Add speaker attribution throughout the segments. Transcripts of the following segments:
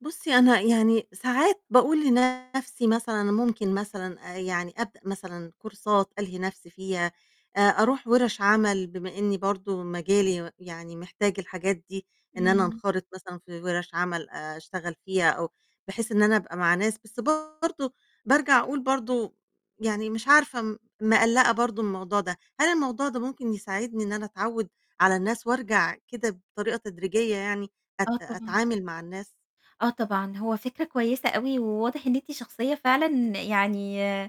Speaker 1: بُصّي أنا يعني ساعات باقول لنفْسي مثلًا أنا ممكن مثلًا آآ يعني أبدأ مثلًا كورسات ألهي نفْسي فيها، آآ، أروح وِرَش عمل بما إني برضو مجالي يعني محتاج الحاجات دي، إن أنا
Speaker 2: إمم.
Speaker 1: أنخرط مثلًا في وِرَش عمل آآ، أشتغل فيها أو بحيث إن أنا أبقى مع ناس، بس برضو بارجع أقول برضه، يعني مش عارفة م مقلقة برضه من الموضوع ده، هل الموضوع ده ممكن يساعدني إن أنا أتعوّد على الناس وأرجع كده بطريقة تدريجية يعني أت
Speaker 2: آه طبعًا.
Speaker 1: أتعامل مع الناس؟
Speaker 2: آه طبعًا هو فكرة كويسة أوي، وواضح إن أنتِ شخصية فعلًا يعني آآ،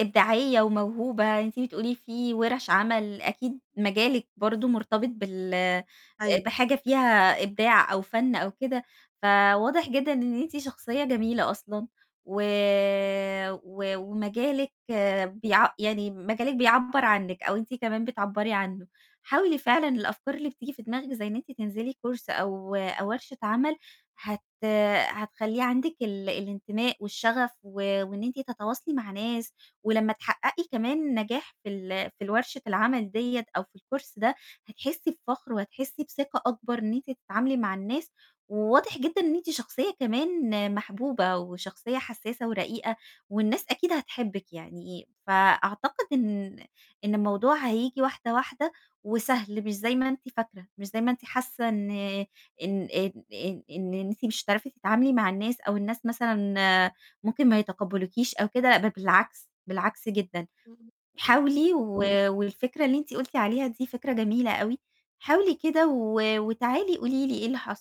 Speaker 2: إبداعية وموهوبة، أنتِ بتقولي في ورش عمل أكيد مجالِك برضه مرتبط بال
Speaker 1: أيوه.
Speaker 2: بحاجة فيها إبداع أو فن أو كده، فواضح جدًا إن أنتِ شخصية جميلة أصلًا، و و ومجالِك بيع يعني مجالِك. بيعبّر عنِك أو أنتِ كمان بتعبّري عنه، حاولي فعلًا الأفكار اللي بتيجي في دماغِك زي إن أنتِ تنزلي course أو أو ورشة عمل، هت هتخلِّي عندِك ال الانتماء والشغف، و وإن أنتِ تتواصلي مع ناس، ولمّا تحققي كمان النجاح في ال في الورشة العمل دِيّة أو في الcourse ده، هتحسّي بفخر وهتحسّي بثقة أكبر إن أنتِ تتعاملي مع الناس، وواضح جدًا إن أنتِ شخصية كمان محبوبة، وشخصية حسّاسة ورقيقة، والناس أكيد هتحبِك يعني، فأعتقد إن إن الموضوع هييجي واحدة، واحدة، وسهل مش زي ما أنتِ فاكرة، مش زي ما أنتِ حاسّة إن إن إن إن إن أنتِ مش هتعرفي تتعاملي مع الناس أو الناس مثلًا آآ، ممكن ما يتقبلوكيش أو كده، ده بالعكس، بالعكس جدًا،
Speaker 1: إمم.
Speaker 2: حاولي و
Speaker 1: أيوه.
Speaker 2: والفكرة اللي أنتِ قُلتِ عليها دي فكرة جميلة أوي، حاولي كده و وتعالي قولي لي إيه اللي حصل.